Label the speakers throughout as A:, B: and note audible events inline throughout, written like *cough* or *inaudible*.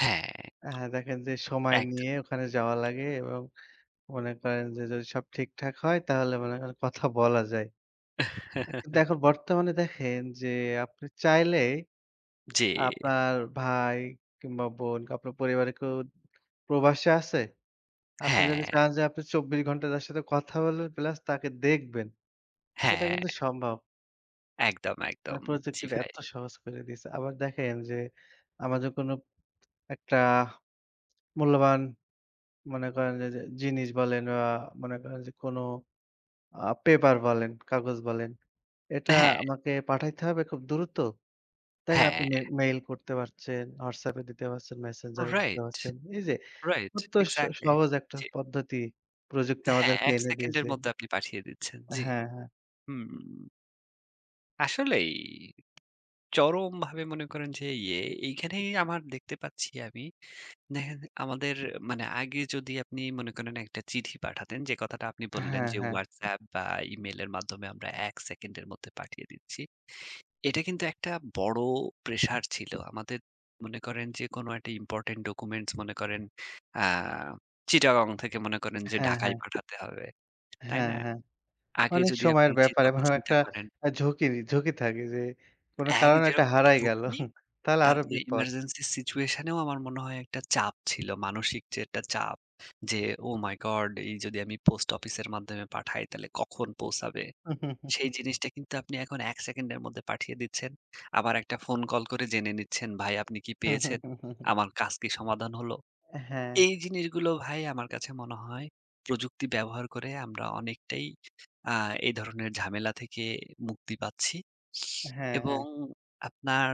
A: হ্যাঁ।
B: হ্যাঁ। দেখেন যে সময়
A: একদম।
B: নিয়ে ওখানে যাওয়া লাগে এবং মনে করেন যে, যদি সব ঠিকঠাক হয় তাহলে মনে করেন কথা বলা যায়। কিন্তু
A: *chuckles*
B: এখন বর্তমানে দেখেন যে আপনি চাইলে
A: জি।
B: আপনার ভাই কিংবা বোন আপনার পরিবারে কেউ প্রবাসে আছে, আপনি যদি
A: হ্যাঁ।
B: চান যে আপনি ২৪ ঘন্টা তার সাথে কথা বলবেন প্লাস তাকে দেখবেন। এটা
A: হ্যাঁ।
B: কিন্তু সম্ভব।
A: একদম,
B: অ্যা
A: একদম। জ্বি,
B: প্রযুক্তিটা
A: ভাই।
B: এত সহজ করে দিয়েছে। আবার দেখেন যে আমাদের কোনো একটা মূল্যবান মনে করেন যে যে, জিনিস বলেন বা মনে করেন যে কোনো আ পেপার বলেন, কাগজ বলেন। এটা
A: হ্যাঁ।
B: আমাকে পাঠাইতে হবে খুব দ্রুত। দেখেন আপনি
A: হ্যাঁ।
B: মে মেইল করতে পারছেন, হোয়াটসঅ্যাপ এ দিতে পারছেন, মেসেঞ্জার এ দিতে
A: রাইট।
B: পারছেন। এই যে
A: রাইট,
B: এত স
A: এক্সাক্টলি।
B: সহজ একটা
A: জি।
B: পদ্ধতি প্রযুক্তি
A: হ্যাঁ,
B: আমাদেরকে
A: ১
B: এনে
A: সেকেন্ডের
B: দিয়েছে
A: মধ্যে আপনি পাঠিয়ে দিচ্ছেন। জি।
B: হ্যাঁ হ্যাঁ।
A: হুম। আসলেই। চরমভাবে মনে করেন যে ইয়ে এইখানেই আমার দেখতে পাচ্ছি আমি। দেখেন আমাদের মানে আগে যদি আপনি মনে করেন একটা চিঠি পাঠাতেন যে কথাটা আপনি বললেন।
B: হ্যাঁ,
A: যে
B: হ্যাঁ।
A: ওয়াটসঅ্যাপ বা ইমেইলের মাধ্যমে আমরা ১ সেকেন্ডের মধ্যে পাঠিয়ে দিচ্ছি। এটা কিন্তু একটা বড় প্রেশার ছিল। আমাদের মনে করেন যেকোনো একটা Important documents মনে করেন আ চিটাগং থেকে মনে করেন যে
B: হ্যাঁ,
A: ঢাকায়
B: হ্যাঁ।
A: পাঠাতে হবে। তাই
B: হ্যাঁ,
A: না?
B: হ্যাঁ।
A: আগে
B: অনেক
A: যদি আপনি
B: সময়ের
A: যে
B: ব্যাপার
A: কথা
B: এবং
A: চিন্তা
B: একটা
A: করেন
B: ঝুঁকিরই, ঝুঁকি থাকে যে কোনো
A: ১,
B: কারণে এটা
A: যেরকম
B: হারাই গেলো।
A: ঝুঁকি
B: *chuckles* তাহলে আরো
A: তারপরে
B: বিপদ।
A: emergency situation ও আমার মনে হয় একটা চাপ ছিল। মানসিক যে একটা চাপ, যে, "ওহ মাই গড! এই যদি আমি পোস্ট অফিসের মাধ্যমে পাঠাই তাহলে কখন পৌঁছাবে?" সেই
B: *chuckles*
A: জিনিসটা কিন্তু আপনি এখন ১ সেকেন্ডের মধ্যে পাঠিয়ে দিচ্ছেন। আবার একটা ফোন কল করে জেনে নিচ্ছেন, "ভাই আপনি কি পেয়েছেন?
B: *chuckles*
A: আমার কাজ কি সমাধান হলো?"
B: হ্যাঁ।
A: এই জিনিসগুলো ভাই আমার কাছে মনে হয় প্রযুক্তি ব্যবহার করে আমরা অনেকটাই আ এ ধরনের ঝামেলা থেকে মুক্তি পাচ্ছি *sniffs*
B: হ্যাঁ,
A: এবং
B: হ্যাঁ।
A: আপনার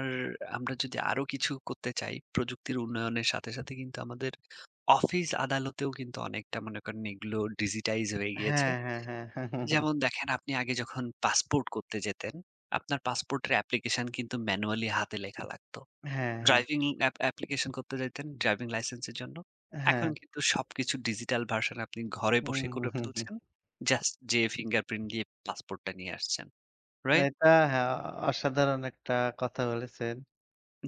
A: আমরা যদি আরো কিছু করতে চাই, প্রযুক্তির উন্নয়নের সাথে, সাথে কিন্তু আমাদের অফিস আদালতেও কিন্তু অনেকটা মনে করেন এগুলোর digitize হয়ে গিয়েছে।
B: হ্যাঁ, হ্যাঁ, হ্যাঁ। *chuckles*
A: যেমন দেখেন আপনি আগে যখন পাসপোর্ট করতে যেতেন, আপনার পাসপোর্টের application কিন্তু manually হাতে লেখা লাগত।
B: হ্যাঁ, হ্যাঁ।
A: driving app application করতে যাইতেন ড্রাইভিং লাইসেন্স এর জন্য। এখন
B: হ্যাঁ।
A: কিন্তু সবকিছু digital version আপনি ঘরে বসে করে
B: *chuckles*
A: ফেলছেন। জাস্ট যেয়ে fingerprint দিয়ে পাসপোর্টটা নিয়ে আসছেন। রাইট?
B: এটা হ্যাঁ। অসাধারণ একটা কথা বলেছেন।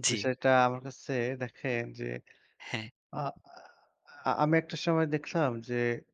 A: জ্বি।
B: বিষয়টা আমার কাছে দেখেন যে
A: হ্যাঁ।
B: আ আ আমি একটা সময় দেখছিলাম যে